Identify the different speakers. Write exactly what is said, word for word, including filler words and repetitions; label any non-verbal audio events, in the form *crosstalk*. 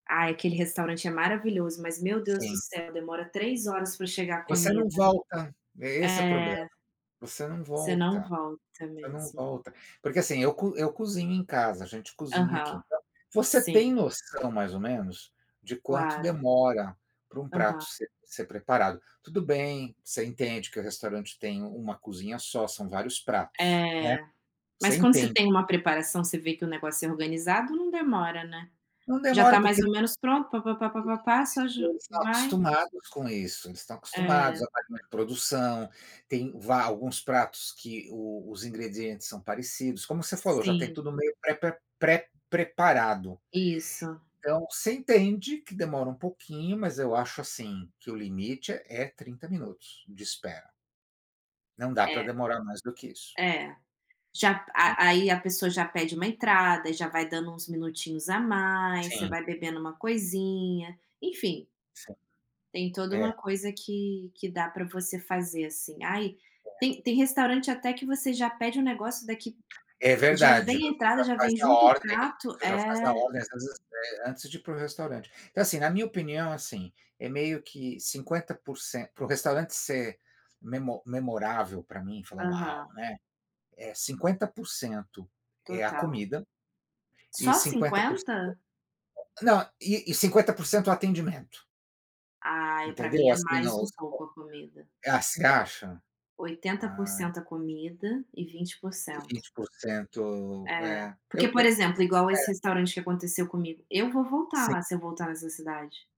Speaker 1: Ah, aquele restaurante é maravilhoso, mas, meu Deus do
Speaker 2: Sim.
Speaker 1: céu, demora três horas pra chegar a
Speaker 2: Você não
Speaker 1: comida.
Speaker 2: volta. É, esse o problema.
Speaker 1: É.
Speaker 2: Você não
Speaker 1: Você não
Speaker 2: volta,
Speaker 1: volta
Speaker 2: você não
Speaker 1: mesmo.
Speaker 2: volta, porque, assim, eu co eu cozinho em casa. A gente cozinha aqui,
Speaker 1: Aham.
Speaker 2: então você tem
Speaker 1: Sim.
Speaker 2: noção, mais ou menos, de quanto
Speaker 1: Claro.
Speaker 2: demora pra um prato
Speaker 1: Aham.
Speaker 2: ser ser preparado. Tudo bem, você entende que o restaurante tem uma cozinha só, são vários pratos, né.
Speaker 1: É.
Speaker 2: Você
Speaker 1: Mas, quando você
Speaker 2: entende
Speaker 1: tem
Speaker 2: isso.
Speaker 1: uma preparação, você vê que o negócio é organizado, não demora, né.
Speaker 2: Não
Speaker 1: Já
Speaker 2: demora
Speaker 1: tá mais
Speaker 2: porque,,
Speaker 1: ou menos pronto, pá pá pá pá pá pá,
Speaker 2: *unintelligible*
Speaker 1: só
Speaker 2: isso,
Speaker 1: ju
Speaker 2: eles estão
Speaker 1: vai
Speaker 2: acostumados com isso. Eles estão acostumados
Speaker 1: É.
Speaker 2: a estar com uma produção, tem va alguns pratos que o os ingredientes são parecidos, como você falou, já tem
Speaker 1: Sim.
Speaker 2: tudo meio prepa pré-preparado.
Speaker 1: Isso.
Speaker 2: Então, você entende que demora um pouquinho, mas eu acho, assim, que o limite é é trinta minutos de espera. Não dá pra
Speaker 1: É.
Speaker 2: demorar mais do que isso.
Speaker 1: É. Já
Speaker 2: Né.
Speaker 1: a aí a pessoa já pede uma entrada e já vai dando uns minutinhos a mais, você
Speaker 2: Sim.
Speaker 1: vai bebendo uma coisinha, enfim.
Speaker 2: Sim.
Speaker 1: Tem toda
Speaker 2: É.
Speaker 1: uma coisa que que dá pra você fazer, assim. Ai,
Speaker 2: É.
Speaker 1: tem tem restaurante até que você já pede um negócio daqui
Speaker 2: É
Speaker 1: já
Speaker 2: verdade.
Speaker 1: vem a
Speaker 2: Você
Speaker 1: entrada,
Speaker 2: já
Speaker 1: já
Speaker 2: faz
Speaker 1: vem
Speaker 2: na
Speaker 1: junto o
Speaker 2: ordem, né,
Speaker 1: prato
Speaker 2: você já faz na
Speaker 1: é.
Speaker 2: ordem, às vezes, eh, antes de ir para o restaurante. Então assim, na minha opinião, assim, é meio que cinquenta por cen para o restaurante ser memo memorável pra mim, falar: "Uau",
Speaker 1: Aham.
Speaker 2: né. É cinquenta por cento é a
Speaker 1: Total.
Speaker 2: comida e
Speaker 1: Só
Speaker 2: cinquenta por cento,
Speaker 1: cinquenta?
Speaker 2: *unintelligible* não, e e cinquenta por cento o atendimento.
Speaker 1: Ai, pra
Speaker 2: Entendeu,
Speaker 1: mim é
Speaker 2: assim, ó,
Speaker 1: mais um
Speaker 2: vamos
Speaker 1: pouco,
Speaker 2: supor.
Speaker 1: a comida.
Speaker 2: Ah, você acha?
Speaker 1: oitenta por
Speaker 2: Ah,
Speaker 1: cento a
Speaker 2: então.
Speaker 1: comida e vinte por
Speaker 2: E
Speaker 1: cento.
Speaker 2: vinte por cento,
Speaker 1: É.
Speaker 2: é.
Speaker 1: Porque,
Speaker 2: Eu
Speaker 1: por
Speaker 2: eu
Speaker 1: exemplo, igual esse
Speaker 2: é.
Speaker 1: restaurante que aconteceu comigo. Eu vou voltar lá,
Speaker 2: Sim.
Speaker 1: se eu voltar nessa cidade.